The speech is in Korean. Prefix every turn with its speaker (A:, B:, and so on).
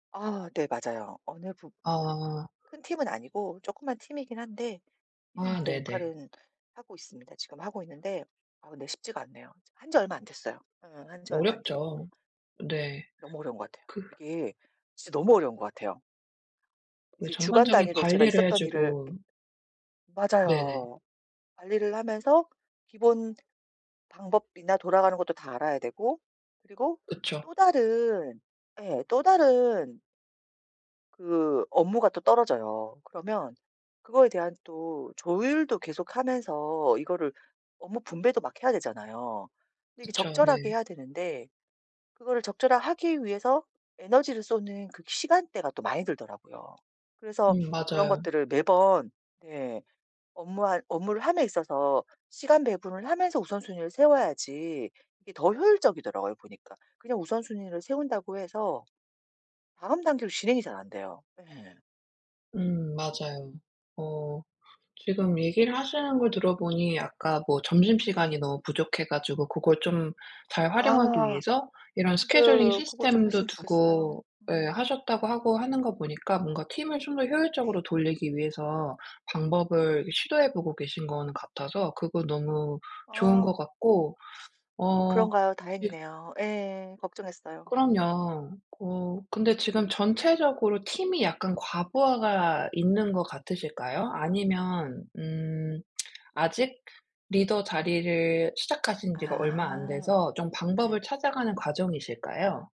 A: 아. 네 맞아요. 어느 부 그
B: 아.
A: 큰 팀은 아니고 조그만 팀이긴 한데 팀
B: 아
A: 내
B: 네네.
A: 역할은 하고 있습니다. 지금 하고 있는데 아 근데 쉽지가 않네요. 한 지 얼마 안 됐어요. 어 한 지 얼마 안
B: 어렵죠.
A: 됐고.
B: 네.
A: 너무 어려운 것 같아요.
B: 그
A: 이게 진짜 너무 어려운 것 같아요.
B: 그
A: 이제 주간
B: 전반적인
A: 단위로 제가
B: 관리를 해
A: 있었던 일을
B: 주고 네네.
A: 맞아요. 관리를 하면서 기본 방법이나 돌아가는 것도 다 알아야 되고 그리고
B: 그쵸.
A: 또 다른 예. 또 다른 그 업무가 또 떨어져요. 그러면 그거에 대한 또 조율도 계속하면서 이거를 업무 분배도 막 해야 되잖아요. 근데 이게
B: 그쵸.
A: 적절하게
B: 네.
A: 해야 되는데 그거를 적절하게 하기 위해서 에너지를 쏟는 그 시간대가 또 많이 들더라고요. 그래서
B: 음.
A: 그런
B: 맞아요.
A: 것들을 매번 네. 업무할 업무를 함에 있어서 시간 배분을 하면서 우선순위를 세워야지 이게 더 효율적이더라고요, 보니까. 그냥 우선순위를 세운다고 해서 다음 단계로 진행이 잘 안 돼요. 예.
B: 음. 맞아요. 어 지금 얘기를 하시는 걸 들어 보니 아까 뭐 점심시간이
A: 네.
B: 너무 부족해 가지고 그걸 좀 잘 활용하기
A: 아.
B: 위해서 이런
A: 네.
B: 스케줄링
A: 그거 좀
B: 시스템도
A: 했으면 좋겠어요.
B: 두고 예
A: 음.
B: 하셨다고 하고 하는 거 보니까 뭔가 팀을 좀 더 효율적으로
A: 네.
B: 돌리기 위해서 방법을 시도해 보고 계신 거는 같아서 그거 너무 좋은
A: 아.
B: 것 같고 어.
A: 그런가요?
B: 지금
A: 다행이네요. 예. 걱정했어요.
B: 그럼요. 어. 근데 지금 전체적으로 팀이 약간 과부하가 있는 것 같으실까요? 아니면 음. 아직 리더 자리를 시작하신 지가 얼마 안
A: 아.
B: 돼서 좀
A: 예.
B: 방법을 찾아가는 과정이실까요?